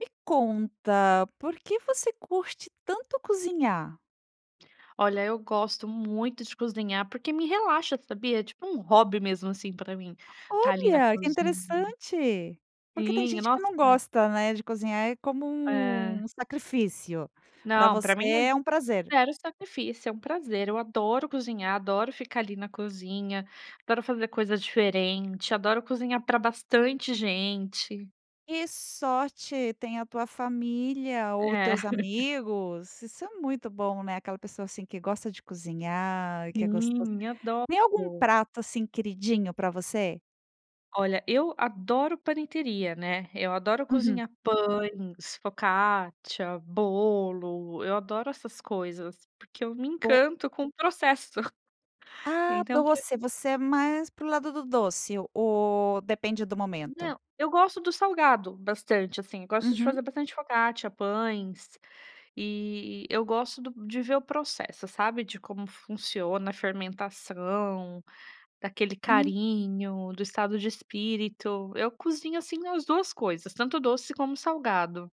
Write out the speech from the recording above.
Me conta. Por que você curte tanto cozinhar? Olha, eu gosto muito de cozinhar porque me relaxa, sabia. É tipo, um hobby mesmo, assim, pra mim tá ali na Olha, que cozinha. interessante! Porque tem Sim, gente que nossa. não gosta, né, de cozinhar é como Ah. um sacrifício. Pra Não, pra você mim é é um prazer. 0 sacrifício. É um prazer. Eu adoro cozinhar, adoro ficar ali na cozinha. Adoro fazer coisa diferente. Adoro cozinhar pra bastante gente. Que sorte tem a tua família ou os É. teus amigos! Isso é muito bom, né. Aquela pessoa, assim, que gosta de cozinhar, que é gostos Sim, tem algum adoro. prato, assim, queridinho pra você? Olha, eu adoro panetteria, né. Eu adoro Uhum. cozinhar pães, focaccia, bolo. Eu adoro essas coisas, porque eu me O encanto com o processo. Ah, Então doce. [unintelligible] Você é mais para o lado do doce o ou depende do momento? Não, eu gosto do salgado bastante, assim. Eu gosto de Uhum. fazer bastante focaccia, pães, e e eu gosto do de ver o processo, sabe, de como funciona a fermentação, daquele Hum. carinho, do estado de espírito. Eu cozinho, assim, as 2 coisas. Tanto doce como salgado.